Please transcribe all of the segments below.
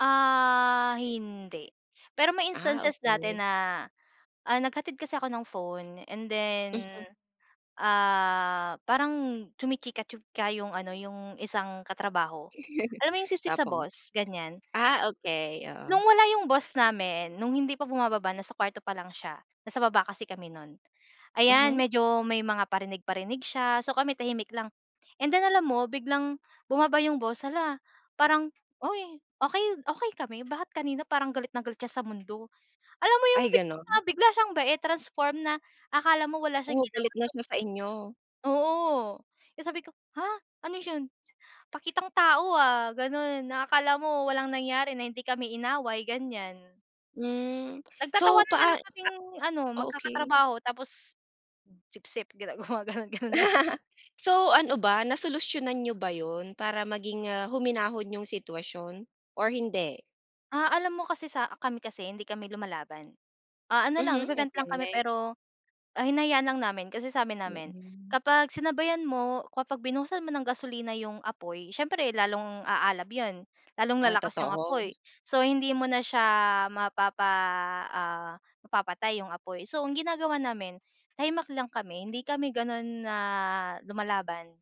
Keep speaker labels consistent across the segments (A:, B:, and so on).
A: Ah, hindi. Pero may
B: Ah,
A: instances dati
B: okey.
A: na, ah, naghatid kasi ako ng phone and then,
B: Mm.
A: ah, parang chumichika-chika yung ano yung isang katrabaho. Alam mo yung sipsip sa
B: Tapos?
A: boss? Ganyan.
B: Ah, okey, oo.
A: No'ng wala yung boss namin, nung hindi pa bumababa nasa kwarto pa lang siya, nasa baba kasi kami nun. Ayan,
B: Mhm.
A: medyo may mga parinig-parinig siya, so kami tahimik lang. And then, alam mo, biglang bumaba yung boss. Hala! Parang, uy, okey okey kami? Bakit kanina parang galit na galit siya sa mundo? Alam mo yung
B: Ay, gano'n?
A: bigla-bigla siyang bait, transform na akala mo wala siyang
B: Oh, galit
A: ginawa.
B: nga
A: So
B: siya sa inyo.
A: Oo. Kaya sabi ko, "Ha! Ano 'yon pakitang tao, ah." Ganon na akala mo walang nangyari na hindi kami inaway, ganyan.
B: Hmm, so
A: Nagtatawanan na
B: paa
A: lang kaming ano,
B: ah, okey.
A: magkakatrabaho tapos, hmm, "Sipsip." Gina gumagano'n, gano'n na lang.
B: So, ano ba, nasolusyonan niyo ba 'yon, para maging, ah, huminahon yung sitwasyon or hindi?
A: Ah, alam mo kasi sa kami kasi hindi kami lumalaban. Ah, ano lang
B: Mhm,
A: nagve-vent lang kami
B: okey.
A: pero, ah, hinayaan lang namin. Kasi sabi namin
B: Mm.
A: kapag sinabayan mo, kapag binuhusan mo ng gasolina yung apoy, siyempre lalong aalab 'yon, lalong
B: Ah,
A: lalakas yung
B: totoo.
A: apoy. So, hindi mo na siya mapapa ah, mapapatay yung apoy. So, ang ginagawa namin tahimik lang kami. Hindi kami gano'n na lumalaban.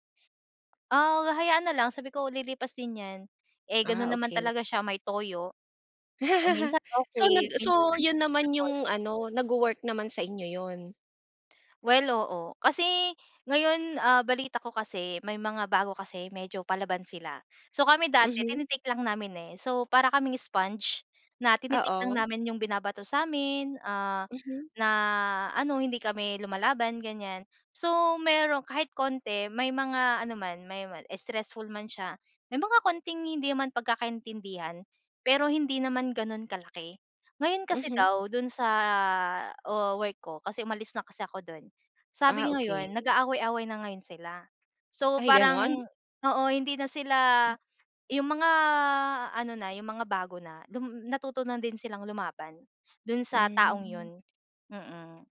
A: Ah, hahayaan na lang sabi ko, "Lilipas din yan." Eh,
B: Ah,
A: gano'n naman
B: okey.
A: talaga siya, may toyo. Kung minsan
B: So, nag
A: okey, minsan
B: so, yun naman
A: untouchable.
B: yung ano, nagwo-work naman sa inyo 'yon?
A: Well, oo. Kasi ngayon, ah, balita ko kasi may mga bago kasi medyo palaban sila. So, kami dati
B: Mhm.
A: tini-take lang namin, eh. So, para kaming sponge na tini-take lang
B: Oo.
A: namin yung binabato sa'min. Ah,
B: Mhm.
A: na ano, hindi kami lumalaban ganyan. So, meron kahit konti may mga ano man may man stressful man siya, may mga konting hindi naman pagkakaintindihan pero hindi naman gano'n kalaki. Ngayon kasi
B: Mhm.
A: daw do'n sa wo work ko kasi umalis na kasi ako do'n.
B: Ah,
A: Sabi
B: okey.
A: ngayon nag-aaway-away na ngayon sila. So,
B: Ay, gano'n?
A: parang oo hindi na sila
B: Hmm.
A: yung mga ano na, yung mga bago na dum natuto na din silang lumaban, do'n sa taong
B: Hmm.
A: 'yon. Mm.